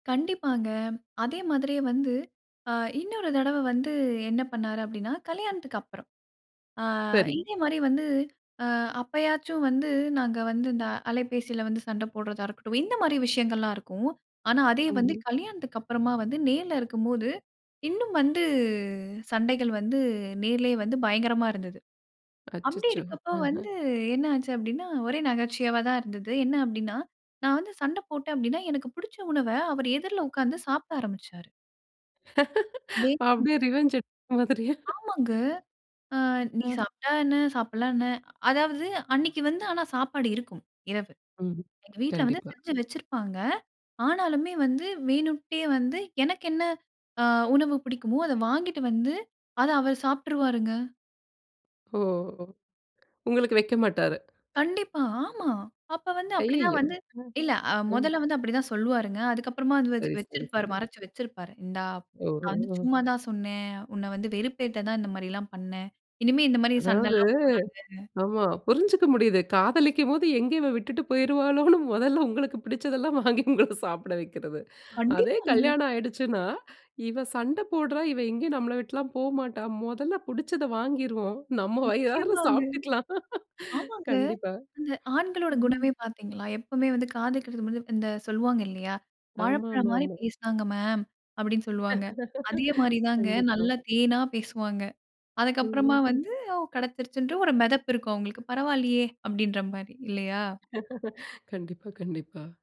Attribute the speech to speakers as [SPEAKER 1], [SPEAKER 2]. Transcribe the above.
[SPEAKER 1] கண்டிப்பாங்க. அதே மாதிரியே வந்து அ இன்னொரு தடவ வந்து, என்ன பண்ணாரு? அப்டின்னா, கல்யாணத்துக்கு அப்புறம். அ
[SPEAKER 2] சரி.
[SPEAKER 1] இதே மாரி வந்து அ அப்பயாச்சும் வந்து, நாங்க வந்து இந்த அலைபேசியில வந்து சண்ட போட்றதா இருக்கட்டும், இந்த மாரி விஷயங்கள்லாம் இருக்கும். ஆனா, அதே வந்து
[SPEAKER 2] ம்ஹ்ம்.
[SPEAKER 1] கல்யாணத்துக்கு அப்புறமா வந்து நேர்ல இருக்கும்போது, இன்னும் வந்து சண்டைகள் வந்து நேரிலேயே வந்து, பயங்கரமா இருந்தது. அப்டி
[SPEAKER 2] அச்சச்சோ!
[SPEAKER 1] இருக்கப்ப
[SPEAKER 2] அஹ.
[SPEAKER 1] வந்து என்ன ஆச்சு? அப்டின்னா, ஒரே நகைச்சுவையா தான் இருந்தது. என்ன அப்டின்னா, நான் வந்து சண்ட போட்டேன் அப்டின்னா, எனக்கு புடிச்ச உணவ அவர் எதிர்ல உக்காந்து சாப்பிட ஆரம்பிச்சாரு.
[SPEAKER 2] அப்டியே
[SPEAKER 1] [unintelligible]
[SPEAKER 2] ரிவென்ஞ்ச் எடுத்த மாதிரியா?
[SPEAKER 1] ஆமாங்க. அ நீ
[SPEAKER 2] அதான்.
[SPEAKER 1] சாப்பட்டா என்ன? சாப்பிடலன்னா என்ன? அதாவது, அன்னைக்கு வந்து ஆனா, சாப்பாடு இருக்கும். இரவு
[SPEAKER 2] ம்ஹ்ம்.
[SPEAKER 1] எங்க வீட்ல வந்து
[SPEAKER 2] கண்டிப்பா.
[SPEAKER 1] செஞ்சு வச்சிருப்பாங்க. ஆனாலுமே வந்து வேணும்ட்டே வந்து, எனக்கு என்ன அ உணவு புடிக்குமோ அத வாங்கிட்டு வந்து அத அவர் சாப்ட்டுருவாருங்க!
[SPEAKER 2] ஓ! உங்களுக்கு வைக்க மாட்டாரு!
[SPEAKER 1] கண்டிப்பா ஆமா. அப்ப வந்து அப்டி தான்
[SPEAKER 2] ஐயயோ!
[SPEAKER 1] வந்து,
[SPEAKER 2] அ,
[SPEAKER 1] இல்ல
[SPEAKER 2] அ.
[SPEAKER 1] மொதல்ல வந்து அப்டி தான் சொல்வாருங்க அதுக்கப்புறமா அது வந்து
[SPEAKER 2] சரி,
[SPEAKER 1] வெச்
[SPEAKER 2] சரி.
[SPEAKER 1] வெச்சிருப்பாரு.
[SPEAKER 2] சரி.
[SPEAKER 1] மறச்சு வெச்சிருப்பாரு. இந்தா,
[SPEAKER 2] ஓ,
[SPEAKER 1] நான் வந்து
[SPEAKER 2] ஓ.
[SPEAKER 1] சும்மா தான் சொன்னேன். உன்ன வந்து வெறுப்பேத்த தான் இந்த மாரி எல்லாம் பண்னே. இனிமே இந்த மாரி சண்டை
[SPEAKER 2] அதாவது,
[SPEAKER 1] எல்லாம் போடாத.
[SPEAKER 2] ஆமா. புரிஞ்சுக்க முடியுது. காதலிக்கும்போது எங்க இவ விட்டுட்டு போய்ருவாளோன்னு மொதல்ல உங்களுக்கு பிடிச்சதெல்லாம் வாங்கி உங்கள சாப்பிட வைக்கிறது. அதே
[SPEAKER 1] கண்டிப்பாங்க.
[SPEAKER 2] கல்யாணம் ஆயிடுச்சுன்னா, இவ சண்ட போட்றா. இவ எங்கேயும் நம்மை விட்டுலாம் போமாட்டா. மொதல்ல பிடிச்சத வாங்கிருவோம். நம்ம வயிறார
[SPEAKER 1] நிச்சியமாங்க.
[SPEAKER 2] சாப்ட்டுக்கலாம்.
[SPEAKER 1] ஆமாங்க.
[SPEAKER 2] கண்டிப்பா.
[SPEAKER 1] அந்த ஆண்களோட
[SPEAKER 2] ம்ஹ்ம்.
[SPEAKER 1] குணமே பாத்தீங்களா? எப்பவுமே வந்து காதலிக்கிறதுக்கு முன்ன இந்த சொல்வாங்க இல்லையா? "வாழைப்பழம் மாரி
[SPEAKER 2] ஆமாமாமா.
[SPEAKER 1] பேசினாங்க மேம்" அப்டின்னு சொல்வாங்க. அதே மாரி தாங்க.
[SPEAKER 2] கண்டிப்பா.
[SPEAKER 1] நல்லா தேனா பேசுவாங்க. அதுக்கு அப்புறமா
[SPEAKER 2] ம்ஹ்ம்.
[SPEAKER 1] வந்து, அவ் கெடச்சிருச்சுன்ட்டு வந்து ஒரு மெதப்பு இருக்கும்! அவுங்களுக்கு. "பரவாயில்லையே" அப்டடீன்ற மாரி இல்லையா?
[SPEAKER 2] கண்டிப்பா, கண்டிப்பா.